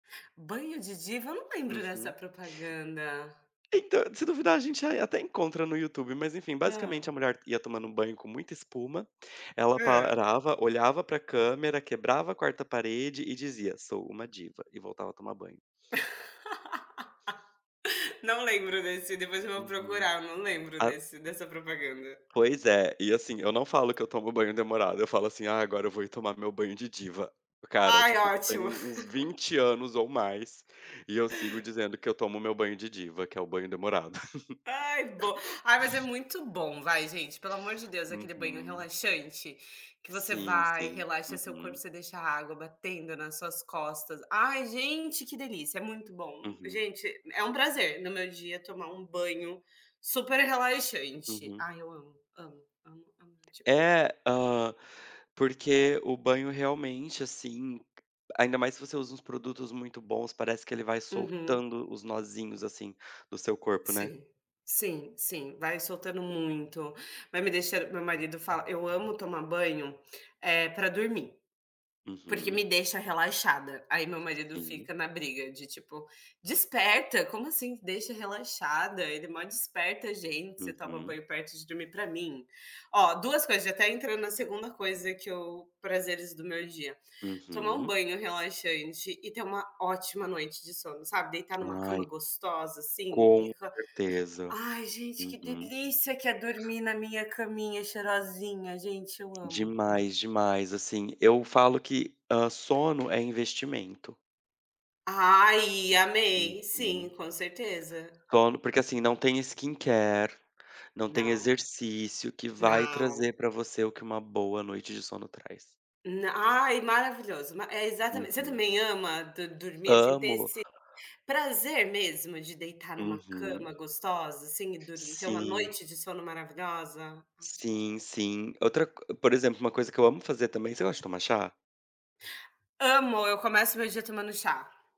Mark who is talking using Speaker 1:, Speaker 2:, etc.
Speaker 1: "Banho de diva", eu não lembro dessa
Speaker 2: Uhum.
Speaker 1: propaganda.
Speaker 2: Então, se duvidar a gente, ah, até encontra no YouTube mas, enfim,
Speaker 1: Hã.
Speaker 2: basicamente a mulher ia tomando banho com muita espuma, ela
Speaker 1: Hã.
Speaker 2: parava, olhava para câmera, quebrava a 4º parede e dizia: "Sou uma diva.", e voltava a tomar banho.
Speaker 1: Não lembro desse, depois eu vou
Speaker 2: Uhum.
Speaker 1: procurar, não lembro
Speaker 2: A
Speaker 1: desse dessa propaganda.
Speaker 2: Pois é, e, assim, eu não falo que eu tomo banho demorado, eu falo assim: "Ah, agora eu vou ir tomar meu banho de diva.". Cara,
Speaker 1: Ai,
Speaker 2: tipo, isso tem
Speaker 1: ótimo.
Speaker 2: uns uns 20 anos ou mais, e eu sigo dizendo que eu tomo o meu "banho de diva", que é o banho demorado.
Speaker 1: Ai bo ai, mas é muito bom, vai gente, pelo amor de Deus, aquele banho
Speaker 2: Uhum.
Speaker 1: relaxante, que você
Speaker 2: Sim,
Speaker 1: vai e
Speaker 2: sim.
Speaker 1: relaxa o seu corpo,
Speaker 2: Uhum.
Speaker 1: você deixa a água batendo nas suas costas. Ai, gente, que delícia. É muito bom.
Speaker 2: Uhum.
Speaker 1: Gente é um prazer, no meu dia tomar um banho super relaxante.
Speaker 2: Uhum.
Speaker 1: Ai, eu amo, amo, amo, amo demais
Speaker 2: É, hã, porque o banho, realmente, assim ainda mais se você usa uns produtos muito bons, parece que ele vai
Speaker 1: Uhum.
Speaker 2: soltando os nozinhos, assim, do seu corpo, né.
Speaker 1: Sim. Sim, sim, vai soltando muito, vai me deixan meu marido fala eu amo tomar banho, eh, pra dormir. Porque me
Speaker 2: Uhum.
Speaker 1: deixa relaxada, aí meu marido
Speaker 2: Sim.
Speaker 1: fica na briga de, tipo: "Desperta, como assim, "deixa relaxada", ele mó desperta gente, você toma
Speaker 2: Uhum.
Speaker 1: banho perto de dormir", para mim ó, 2 coisas já até entrou na 2º coisa que eu "prazeres do meu dia": tomar um
Speaker 2: Uhum.
Speaker 1: banho relaxante e ter uma ótima noite de sono, sabe, deitar em uma
Speaker 2: Ai,
Speaker 1: cama gostosa, assim, e
Speaker 2: com
Speaker 1: [unintelligible]
Speaker 2: certeza.
Speaker 1: ai, gente que
Speaker 2: Uhum.
Speaker 1: delícia que é dormir na minha caminha, cheirosinha, gente eu amo, amo.
Speaker 2: Demais, demais. Assim, eu falo que, ah, "sono é investimento".
Speaker 1: Ai, amei.
Speaker 2: Uhum.
Speaker 1: Sim,
Speaker 2: [unintelligible]
Speaker 1: com certeza.
Speaker 2: Sono porque, assim, não tem, skincare, não tem
Speaker 1: Não.
Speaker 2: exercício que vai
Speaker 1: Não.
Speaker 2: trazer para você o que uma boa noite de sono traz.
Speaker 1: Na ai, maravilhoso. É exatament você
Speaker 2: Uhum.
Speaker 1: também ama, do dormir, assim ter
Speaker 2: Amo.
Speaker 1: esse, prazer mesmo de deitar em uma
Speaker 2: Uhum.
Speaker 1: cama gostosa, assim, e dor ter uma
Speaker 2: Sim.
Speaker 1: noite de sono maravilhosa? Ai, gente
Speaker 2: Sim, sim. Outra co por exemplo, uma coisa que eu amo fazer também você gosta de tomar chá?
Speaker 1: Amo. Eu começo o meu dia tomando chá.